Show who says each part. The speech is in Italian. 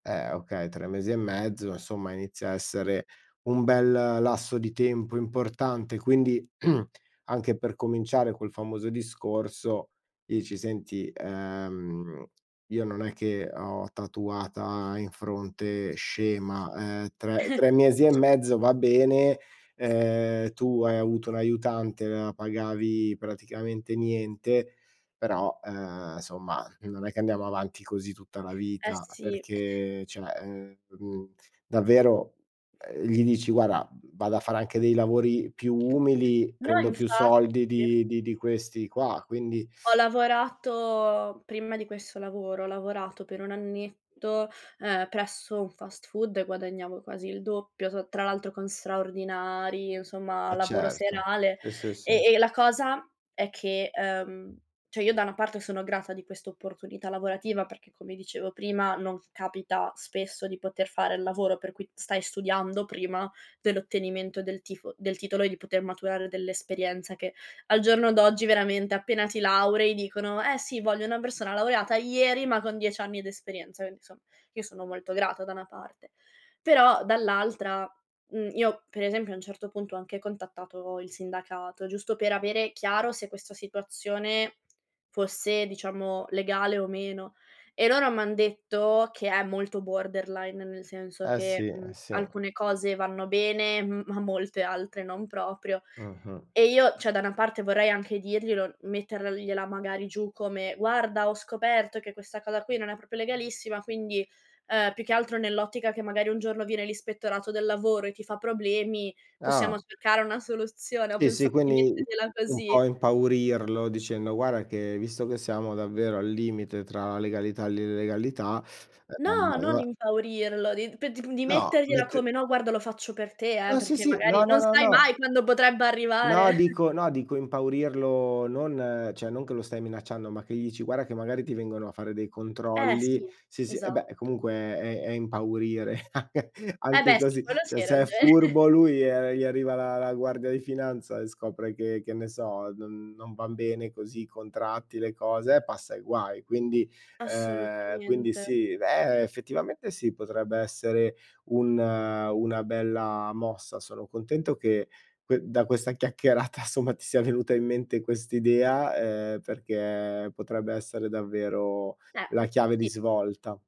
Speaker 1: Eh, okay, 3 mesi e mezzo, insomma inizia a essere un bel lasso di tempo importante. Quindi anche per cominciare quel famoso discorso dici: "Senti, ehm, io non è che ho tatuata in fronte scema, ehm, tre tre mesi e mezzo va bene, ehm, tu hai avuto un aiutante, la pagavi praticamente niente, però, ehm, somma non è che andiamo avanti così tutta la
Speaker 2: Eh
Speaker 1: vita"
Speaker 2: sì.
Speaker 1: perché cioè ehm, mhmm, davvero, ehm, gli dici: "Guarda, vado a fare anche dei lavori più umili,
Speaker 2: No,
Speaker 1: prendo più soldi
Speaker 2: infatti.
Speaker 1: di di di questi qua" quindi
Speaker 2: Ho lavorato, prima di questo lavoro, ho lavorato per un annetto, ehm, presso un fast food e guadagnavo quasi il doppio, t tra l'altro con straordinari, insomma
Speaker 1: Eh,
Speaker 2: lavoro
Speaker 1: certo.
Speaker 2: serale.
Speaker 1: Sì, sì, sì.
Speaker 2: E e la cosa è che, uhm, cioè, io da una parte sono grata di questa opportunità lavorativa perché come dicevo prima non capita spesso di poter fare il lavoro per cui stai studiando prima dell'ottenimento del tifo del titolo e di poter maturare dell'esperienza che al giorno d'oggi veramente appena ti laurei dicono: "Eh sì, voglio una persona laureata ieri, ma con 10 anni d'esperienza". Quindi insomma, io sono molto grata da una parte. Però dall'altra, mhmm, io per esempio a un certo punto ho anche contattato il sindacato, giusto per avere chiaro se questo situazione fosse diciamo, legale o meno. E loro m'han detto che è molto borderline, nel senso
Speaker 1: Eh
Speaker 2: che,
Speaker 1: sì,
Speaker 2: mhmm,
Speaker 1: eh sì.
Speaker 2: alcune cose vanno bene, m ma molte altre non proprio.
Speaker 1: Mh-mh.
Speaker 2: E io, cioè da una parte vorrei anche dirglielo, mettergliela magari giù come: "Guarda, ho scoperto che questa cosa qui non è proprio legalissima, quindi, ehm, più che altro nell'ottica che magari un giorno viene l'ispettorato del lavoro e ti fa problemi, possiamo
Speaker 1: Ah.
Speaker 2: cercare una soluzione". Ho
Speaker 1: Sì, sì,
Speaker 2: pensato di
Speaker 1: quindi
Speaker 2: mettergliela
Speaker 1: un
Speaker 2: così.
Speaker 1: po' impaurirlo dicendo: "Guarda che visto che siamo davvero al limite tra la legalità e l'illegalità, ehm,
Speaker 2: No, non
Speaker 1: allora"
Speaker 2: impaurirlo, di pet di
Speaker 1: No,
Speaker 2: mettergliela
Speaker 1: mett
Speaker 2: come: "No, guarda lo faccio per te eh,
Speaker 1: Ah sì,
Speaker 2: perché
Speaker 1: sì,
Speaker 2: magari
Speaker 1: no, no,
Speaker 2: non
Speaker 1: no,
Speaker 2: sai
Speaker 1: no
Speaker 2: mai quando potrebbe arrivare."
Speaker 1: no, dico no, dico impaurirlo non cioè non che lo stai minacciando, ma che gli dici: "Guarda che magari ti vengono a fare dei
Speaker 2: Eh
Speaker 1: controlli",
Speaker 2: sì,
Speaker 1: sì, sì, eh beh,
Speaker 2: esatt
Speaker 1: comunque è è impaurire anche
Speaker 2: Eh
Speaker 1: anche
Speaker 2: beh, sì,
Speaker 1: così,
Speaker 2: quello sì,
Speaker 1: cioè
Speaker 2: hai
Speaker 1: se è
Speaker 2: ragione.
Speaker 1: furbo lui, ehm, gli arriva la la guardia di finanza e scopre che, che ne so, non non van bene così, contratti, le cose, eh, passa i guai. Quindi, ehm, quindi
Speaker 2: Assolutamente.
Speaker 1: sì, eh, effettivamente sì, potrebbe essere un una bella mossa. Sono contento che que da questa chiacchierata somma ti sia venuta in mente quest'idea, ehm, perché potrebbe essere davvero
Speaker 2: Eh,
Speaker 1: la chiave di
Speaker 2: sì.
Speaker 1: svolta.